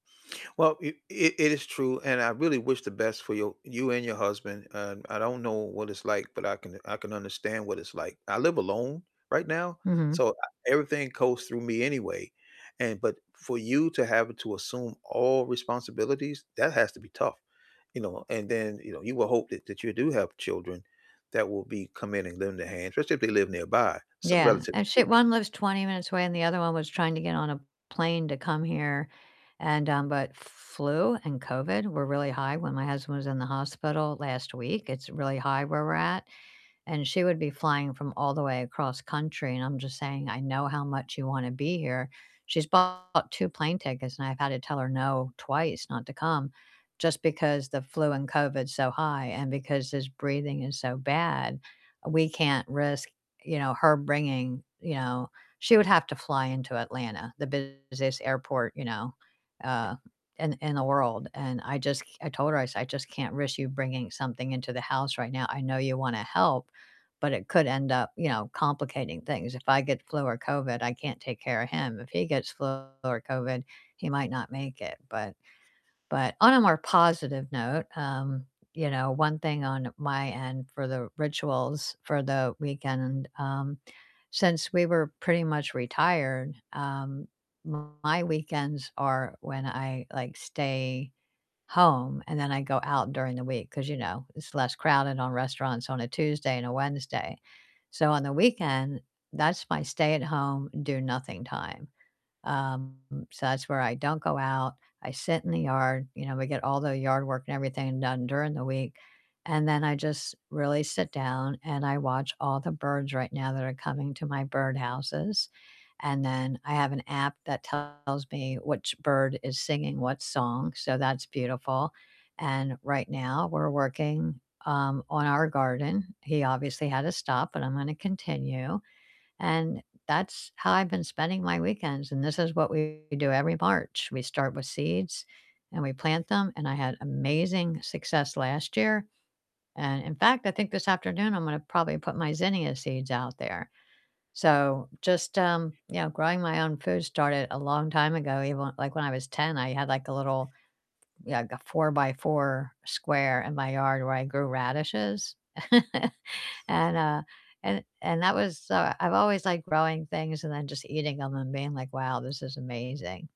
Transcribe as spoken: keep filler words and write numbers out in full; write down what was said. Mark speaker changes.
Speaker 1: Well, it it it is true, and I really wish the best for your you and your husband. Um, I don't know what it's like, but I can u I can understand what it's like. I live alone right now,
Speaker 2: Mhm.
Speaker 1: so, ah, everything goes through me anyway. And but for you to have to assume all responsibilities, that has to be tough, you know, and then, you know, you would hope that that you do have children that will be come in and lend a hand, especially if they live nearby, some
Speaker 2: Yeah,
Speaker 1: relatively
Speaker 2: and she
Speaker 1: speaking.
Speaker 2: one lives twenty minutes away, and the other one was trying to get on a plane to come here and, um but f f flu and COVID were really high when my husband was in the hospital last week, it's really high where we're at, and she would be flying from all the way across country, and I'm just saying, "I know how much you wanna be here." She's bought two plane tickets, and I've had to tell her no twice not to come just because the flu and COVID's so high and because his breathing is so bad, we can't risk, you know, her bringing You know, she would have to fly into Atlanta, the busiest airport, you know, uh, in th in the world, and I just c I told her, I said, "I just can't risk you bringing something into the house right now. I know you wanna help, but it could end up, you know, complicating things. If I get flu or COVID, I can't take care of him. If he gets flu or COVID, he might not make it," but but on a more positive note, um, you know, one thing on my end for the rituals for the weekend, um, since we were pretty much retired, um, my weekends are when I, like, stay home, and then I go out during the week 'cause, you know, it's less crowded on restaurants on a Tuesday and a Wednesday. So, on the weekend, that's my stay-at-home, do-nothing time. Um, so that's where I don't go out, I sit in the yard, you know, we get all the yard work and everything done during the week, and then I just really sit down, and I watch all the birds right now that are coming to my birdhouses, and then I have an app that tells me which bird is singing what song, so that's beautiful, and right now we're working, um, on our garden. He obviously had to stop, but I'm gonna continue. And that's how I've been spending my weekends, and this is what we do every March. We start with seeds, and we plant them, and I had amazing success last year. And in fact, I think this afternoon I'm gonna probably put my zinnia seeds out there. So, just, um, you know, growing my own food started a long time ago, even, l like, when I was ten, I had, like, a little yeah, like a four-by-four square in my yard where I grew radishes. And, uh and and that was, uh I've always liked growing things and then just eating 'em and being like, "Wow, this is amazing."